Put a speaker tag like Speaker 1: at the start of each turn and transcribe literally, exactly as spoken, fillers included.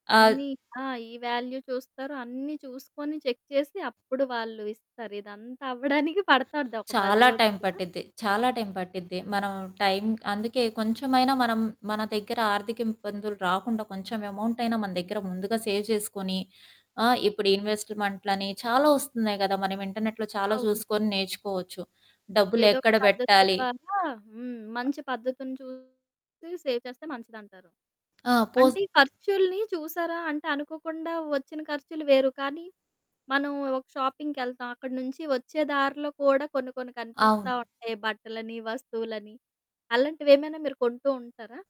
Speaker 1: ఆహ్
Speaker 2: అన్నీ ఆ! ఈ వాల్యూ చూస్తారు. అన్నీ చూసుకొని చెక్ చేసి అప్పుడు వాళ్ళు ఇస్తారు. ఇదంతా అవ్వడానికి పడతాది ఒక పది
Speaker 1: చాలా టైం
Speaker 2: రోజులైనా.
Speaker 1: పట్టిద్ది. చాలా టైం పట్టిద్ది. మనం టైం అందుకే కొంచెమైనా మనం మన దగ్గర ఆర్థిక ఇబ్బందులు రాకుండా కొంచెం ఎమౌంటయినా మన దెగ్గిర ముందుగా సేవ్ చేసుకొని, ఆహ్, ఇప్పుడు ఇన్వెస్ట్‌మెంట్లని చాలా ఒస్తున్నాయి గదా! మనం ఇంటర్‌నె‌ట్‌లో చాలా
Speaker 2: అవును.
Speaker 1: చూసుకొని నేర్చుకోవచ్చు,
Speaker 2: ఏదో ఒక
Speaker 1: డబ్బులెక్కడ
Speaker 2: పద్ధతి
Speaker 1: బెట్టాలి?
Speaker 2: ద్వారా హ్మ్. మంచి పద్ధతిని చూసి సేవ్ చేస్తే మంచిదంటారు.
Speaker 1: ఆ! పోస్
Speaker 2: అంటే, ఖర్చులుని చూశారా? అంటే, అనుకోకుండా ఒచ్చిన ఖర్చులు వేరు, కానీ మనం ఒక షాపింగ్‌కెళ్తాం అక్కడ నుంచి ఒచ్చే దారిలో కూడా కొన్ని కొన్ని కనిపిస్తా
Speaker 1: అవును.
Speaker 2: ఉంటాయి, బట్టలని, వస్తువులని, అలాంటివేమైనా మీరు కొంటూ ఉంటారా?